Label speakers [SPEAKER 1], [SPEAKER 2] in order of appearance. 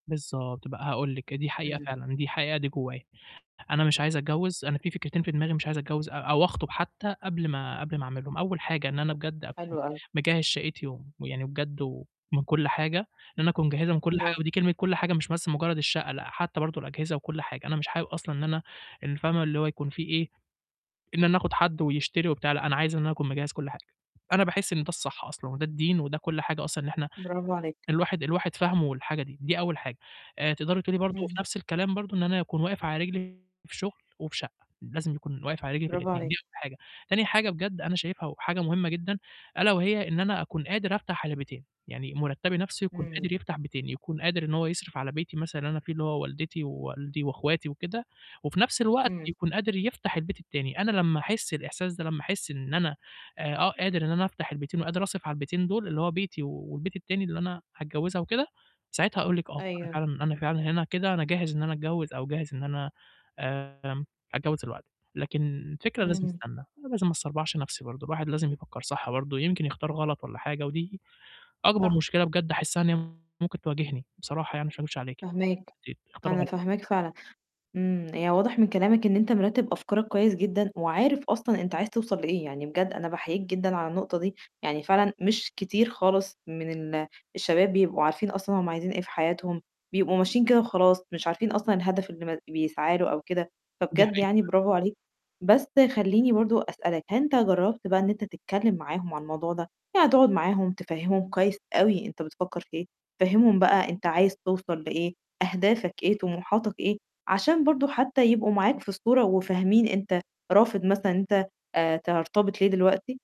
[SPEAKER 1] بالضبط بقى هاقول لِك، دي حقيقة
[SPEAKER 2] إمم.
[SPEAKER 1] فعلًا، دي الحقيقة دي جوّايا. أنا مش عايز أتجوّز، أنا في فكرتين في دماغي مش عايز أتجوّز أ أو أخطب حتّى قبل ما، قبل ما أعملهم. أول حاجة إن أنا بجد أكون
[SPEAKER 2] حلو أوي.
[SPEAKER 1] مجهّز شقتي ومن ويعني بجد ومن كل حاجة، إن أنا أكون مجهّزها من كل حاجة،
[SPEAKER 2] براڨو.
[SPEAKER 1] ودي كلمة كل حاجة مش بس مجرّد الشقة، لأ حتّى برضه الأجهزة وكل حاجة. أنا مش حابب أصلًا إن أنا ال فاهمة؟ اللي هو يكون فيه إيه، إن أنا أخد حد ويشتري وبتاع، لأ أنا عايز إن أنا أكون مجهّز كل حاجة. أنا باحس إن ده الصح أصلًا وده الدين وده كل حاجة أصلًا إن إحنا
[SPEAKER 2] براڨو عليك.
[SPEAKER 1] الواحد، الواحد فاهمه والحاجة دي، دي أول حاجة. آآ تقدري تقولي برضه وفي
[SPEAKER 2] اهم.
[SPEAKER 1] نَفْس الكلام برضه إن أنا أكون واقف على رجلي في شُغل وفي شقة، لازم يكون واقف على رجلي في
[SPEAKER 2] براڨو
[SPEAKER 1] الاتنين،
[SPEAKER 2] عليك.
[SPEAKER 1] دي أول حاجة. تاني حاجة بجد أنا شايفها وحاجة مهمة جدًا ألا وهي إن أنا أكون قادر أفتح علي بيتين، يعني مرتبي نَفْسه يكون
[SPEAKER 2] امم.
[SPEAKER 1] قادر يفتح بيتين، يكون قادر إن هو يصرف على بيتي مثلًا اللي أنا فيه اللي هو والدتي، ووالدي، وأخواتي، وكده، وفي نَفْس الوقت
[SPEAKER 2] إمم.
[SPEAKER 1] يكون قادر يفتح البيت التاني. أنا لمّا أحس الإحساس ده، لمّا أحس إن أنا أق قادر إن أنا أفتح البيتين وقادر أصرِف على البيتين دول اللي هو بيتي، والبيت التاني اللي أنا هاتجوّزها وكده، ساعتها هاقول لِك آه، أنا
[SPEAKER 2] أيوه.
[SPEAKER 1] فعلًا أنا فعلًا هِنا كده أنا جاهز إن أنا أتجوّز أو جاهز إن أنا آمم أتجوّز دلوقتي. لكن الفكرة لازم
[SPEAKER 2] اهم.
[SPEAKER 1] أستنى، أنا لازم ما أسربعش نَفْسي برضه، الواحد لازم يفكّر صح برضه يمكن يختار غلط والّا حاجة، ودي أكبر
[SPEAKER 2] صح.
[SPEAKER 1] مشكلة بجد أحسها إن هي ممكن تواجهني. بصراحة يعني عشان ما اكدبش عليكِ.
[SPEAKER 2] فاهماك،
[SPEAKER 1] [unintelligible] أختار
[SPEAKER 2] أنا
[SPEAKER 1] غلط.
[SPEAKER 2] فاهماك فعلًا. إمم، هي واضح من كلامك إن أنت مرتّب أفكارك كويّس جدًا، وعارف أصلًا أنت عايز توصل لإيه. يعني بجد أنا باحييك جدًا على النقطة دي. يعني فعلًا مش كتير خالص من ال الشباب بيبقوا عارفين أصلًا هُم عايزين إيه في حياتهم، بيبقوا ماشيين كده وخلاص، مش عارفين أصلًا الهدف اللي م بيسعى له أو كده.
[SPEAKER 1] دي
[SPEAKER 2] فبجد
[SPEAKER 1] حقيقة فعلًا.
[SPEAKER 2] يعني براڨو عليك. بس خلّيني برضه أسألك، هل أنت جرّبت بقى إن أنت تتكلم معاهم عن الموضوع ده؟ يعني تقعد معاهم تفهّمهم كويس أوي أنت بتفكّر في إيه. فهّمهم بقى أنت عايز توصل لإيه، أهدافك إيه، طموحاتك إيه، عشان برضه حتى يبقوا معاك في الصورة وفاهمين أنت رافض مثلًا إن أنت آآ ترتبط ليه دلوقتي؟